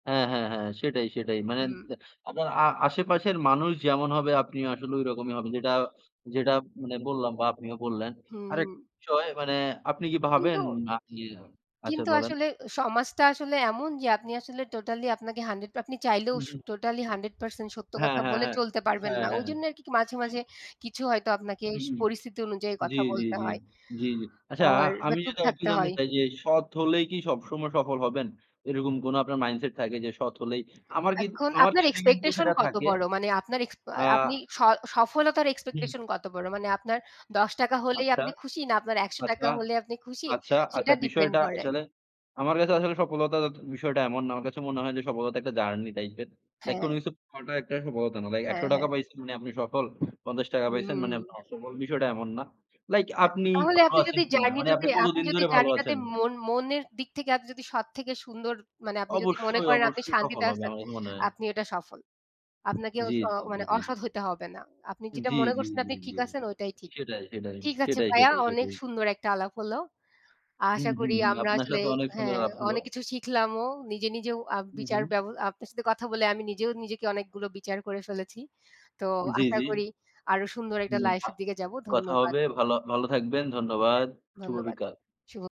হ্যাঁ, হ্যাঁ, হ্যাঁ। সেটাই, সেটাই। মানে হুম। দ আপনার আ আ আশেপাশের মানুষ যেমন হবে, আপনি আসলে ঐরকমই হবে। যেটা যেটা মানে বললাম বা আপনিও বললেন। হুম, আরেক হুম। বিষয় মানে আপনি কি কিন্তু ভাবেন জি। আপনি আচ্ছা কিন্তু বলেন। আসলে সমাজটা আসলে এমন যে আপনি আসলে টোটালি আপনাকে 100 আপনি চাইলেও শ উহু। টোটালি 100% সত্য হ্যাঁ, কথা হ্যাঁ, বলে হ্যাঁ। চলতে পারবেন হ্যাঁ, না। হ্যাঁ। ওইজন্য আর কি মাঝে, মাঝে কিছু হয়তো আপনাকে হু, হুম। পরিস্থিতি অনুযায়ী জ্বী, কথা জ্বী, বলতে জ্বী, হয়। জ্বী, জ্বী। আচ্ছা আর বা আমি চুপ যদি আর একটু থাকতে জানতে হয়। চাই যে সৎ হলেই কি সবসময় সফল হবেন? এরকম কোন আপনার মাইন্ডসেট থাকে? যে সৎ হলেই আমার কিত এখন আমার আপনার ক্ষেত্রে কিন্তু এক্সপেকটেশন সেটা কত থাকে বড়? মানে আপনার এক্সপা আ আপনি স সফলতার হুম। এক্সপেকটেশন কত বড়? মানে আপনার ৳১০ হলেই আচ্ছা। আপনি খুশি? না আপনার একশ আচ্ছা। টাকা হলে আপনি খুশি? আচ্ছা, আচ্ছা সেটা ডিপেন্ড বিষয়টা করে। আসলে আমার কাছে আসলে সফলতার বিষয়টা এমন না। আমার কাছে মনে হয় যে সফলতা একটা জার্নি টাইপের। লাইক কোন হ্যাঁ। কিছু পাওয়াটা একটা সফলতা না। লাইক একশ হ্যাঁ, টাকা হ্যাঁ। পাইছেন মানে আপনি সফল, ৳৫০ পাইছেন মানে আপনি হুম। অসফল বিষয়টা এমন না। লাইক হ্যাঁ, আপনি তাহলে ভালো আপনি আছেন যদি কিনা? মানে আপনি জার্নিটাতে আপনি কতদিন যদি ধরে ভালো জার্নিটাতে আছেন? মন মনের দিক থেকে আপনি যদি সৎ থেকে সুন্দর মানে আপনি যদি মনে অবশ্যই, করেন আপনি অবশ্যই সফল শান্তিতে হবে। আছেন আমার কাছে তো মনে হয়। আপনি ওইটা সফল। আপনাকে জ্বী, স জ্বী, জ্বী, মানে জ্বী। অসৎ হইতে হবে না। আপনি যেটা জ্বী, মনে জ্বী, করছেন আপনি জ্বী, ঠিক জ্বী। আছেন ঐটাই ঠিক। সেটাই, সেটাই। ঠিক আছে সেটাই, ভাইয়া সেটাই, অনেক সেটাই। সুন্দর একটা আলাপ হল। হুম, আশা হুম করি ,হুম। আমরা আপনার আসলে সাথে অনেক সুন্দর হ্যাঁ, আলাপ হল। অনেক কিছু শিখলাম ও নিজে নিজেও আ উহু। বিচার ব্যব আপনার সাথে কথা বলে আমি নিজেও নিজেকে অনেকগুলো বিচার করে ফেলেছি। তো জি, আশা জি। করি আরো সুন্দর একটা হুম লাইফ বাহ! এর দিকে যাবো। কথা ধন্যবাদ। হবে। ভাল ভালো থাকবেন। ধন্যবাদ। শুভ ধন্যবা, বিকাল। শুভ